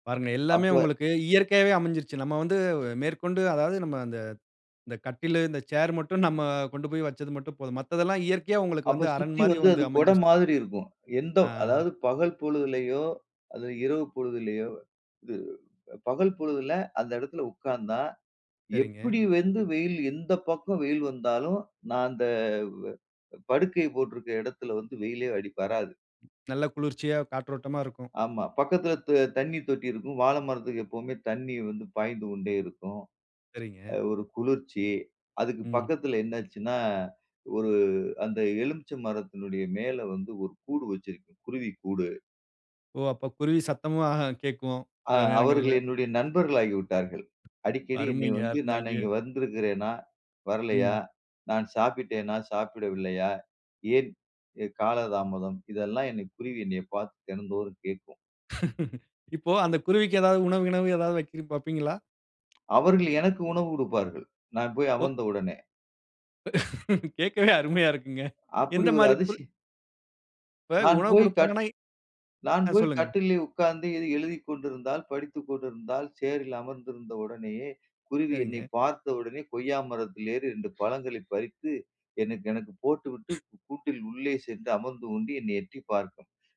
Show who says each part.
Speaker 1: பாருங்க எல்லாமே
Speaker 2: அப்ப
Speaker 1: உங்களுக்கு இயற்கையாவே அமஞ்சிருச்சு. நம்ம வந்து மேற்கொண்டு, அதாவது நம்ம அந்த அந்த கட்டிலு, இந்த சேர் மட்டும் நம்ம கொண்டு போயி வச்சது மட்டும் போதும். மத்ததெல்லாம் இயற்கையா உங்களுக்கு
Speaker 2: அப்ப
Speaker 1: வந்து, அரண்
Speaker 2: சுத்தி
Speaker 1: மாரி
Speaker 2: வந்து
Speaker 1: வந்து
Speaker 2: அது கொட
Speaker 1: அமஞ்சிருச்சு.
Speaker 2: மாதிரி இருக்கும். எந்த
Speaker 1: ஆ.
Speaker 2: அதாவது பகல் பொழுதிலயோ, அது இரவு பொழுதிலயோ இது பகல் பொழுதில அந்த எடத்துல உட்காந்தா,
Speaker 1: சரிங்க.
Speaker 2: எப்படி வந்து வெயில் எந்த பக்கம் வெயில் வந்தாலும், நான் அந்த படுக்கை போட்டிருக்க எடத்துல வந்து வெயிலே அடிப் வராது.
Speaker 1: நல்ல குளிர்ச்சியா, காற்றோட்டமா இருக்கும்.
Speaker 2: ஆமா. பக்கத்துல த தண்ணி தொட்டி இருக்கும். வாழ மரத்துக்கு எப்பவுமே தண்ணி வந்து பாய்ந்து கொண்டே இருக்கும். அ
Speaker 1: சரிங்க.
Speaker 2: ஒரு குளிர்ச்சி. அதுக்கு
Speaker 1: ம்.
Speaker 2: பக்கத்துல என்னாச்சுன்னா, ஒரு அந்த எலுமிச்ச மரத்தினுடைய மேல வந்து 1 கூடு வச்சிருக்கு. குருவி கூடு.
Speaker 1: ஓ! அப்ப குருவி சத்தமும் ஆஹா கேட்கும்,
Speaker 2: அ
Speaker 1: சில
Speaker 2: அவர்கள்
Speaker 1: நேரங்கள்ல.
Speaker 2: என்னுடைய நண்பர்கள் ஆகிவிட்டார்கள். அடிக்கடி என்னை
Speaker 1: அருமைங்க.
Speaker 2: வந்து நான்
Speaker 1: அருமைங்க.
Speaker 2: அங்கு வந்திருக்கிறேனா? வரலையா?
Speaker 1: ம்.
Speaker 2: நான் சாப்பிட்டேனா? சாப்பிடவில்லையா? ஏன் எ காலதாமதம். இதெல்லாம் என்னை குருவி என்னை பார்த்து தினந்தோறும் கேட்கும்.
Speaker 1: இப்போ அந்த குருவிக்கு ஏதாவது உணவு, கிணவு எதாவது வக்கிறீ வப்பீங்களா?
Speaker 2: அவர்கள் எனக்கு உணவு குடுப்பார்கள். நான் போயி
Speaker 1: ஓ!
Speaker 2: அமர்ந்த உடனே.
Speaker 1: கேக்கவே அருமையா இருக்குங்க.
Speaker 2: அப்படி
Speaker 1: எந்த
Speaker 2: ஒரு
Speaker 1: மாரி புல்
Speaker 2: அதிசய
Speaker 1: இப்ப
Speaker 2: நான்
Speaker 1: உணவு
Speaker 2: போயி, கட்
Speaker 1: குடுப்பாங்கன்னா எ
Speaker 2: நான்
Speaker 1: ஆ,
Speaker 2: போயி
Speaker 1: சொல்லுங்க.
Speaker 2: கட்டில்லே உட்காந்து எதுவும் எழுதிக் கொண்டிருந்தால், படித்துக் கொண்டிருந்தால், சேரில் அமர்ந்திருந்த உடனேயே குருவி என்னை
Speaker 1: சரிங்க.
Speaker 2: பார்த்த உடனே, கொய்யா மரத்தில் ஏறி 2 பழங்களை பறித்து, எனக்கு எனக்கு போட்டுவிட்டு, கூட்டில் உள்ளே சென்று அமர்ந்து கொண்டு என்னை எட்டி பார்க்கும்.